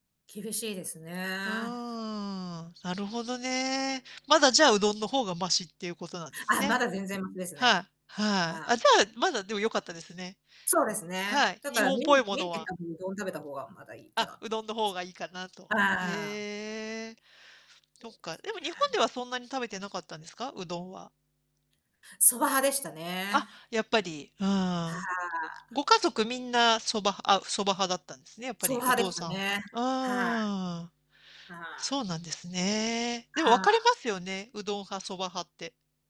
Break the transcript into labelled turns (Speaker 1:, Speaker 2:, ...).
Speaker 1: 厳しいですね。
Speaker 2: ああ、なるほどね。まだ、じゃあ、うどんの方がマシっていうことなんです
Speaker 1: あ、ま
Speaker 2: ね。
Speaker 1: だ全然マシですね。
Speaker 2: はい、はい。
Speaker 1: はい。
Speaker 2: あ、じゃあ、まだでも良かったですね。
Speaker 1: そうです
Speaker 2: は
Speaker 1: ね。
Speaker 2: い、
Speaker 1: だか
Speaker 2: 日
Speaker 1: ら
Speaker 2: 本
Speaker 1: 麺
Speaker 2: っぽいも
Speaker 1: 麺
Speaker 2: の
Speaker 1: って
Speaker 2: は。
Speaker 1: 多分うどん食べた方がまだいいか
Speaker 2: あ、
Speaker 1: なっ
Speaker 2: う
Speaker 1: ていう
Speaker 2: どんの方がいいかなと。
Speaker 1: ああ。
Speaker 2: へえ。
Speaker 1: そ
Speaker 2: そっ
Speaker 1: うで
Speaker 2: か。
Speaker 1: す
Speaker 2: でも日本
Speaker 1: ね。
Speaker 2: ではそんなに食べてなかったんですか？うどんは。
Speaker 1: 蕎麦派でした
Speaker 2: あ、
Speaker 1: ね。
Speaker 2: やっぱり、う
Speaker 1: は
Speaker 2: ーん。
Speaker 1: あ。
Speaker 2: ご家族みんな蕎麦あ、蕎麦派だったんですね、やっぱ
Speaker 1: 蕎
Speaker 2: り
Speaker 1: 麦
Speaker 2: お
Speaker 1: 派で
Speaker 2: 父
Speaker 1: した
Speaker 2: さん
Speaker 1: ね。はい。
Speaker 2: ああ。
Speaker 1: はい。
Speaker 2: そうなんですね。でも分
Speaker 1: は
Speaker 2: かれ
Speaker 1: あ。
Speaker 2: ますよね、うどん派、蕎麦派って。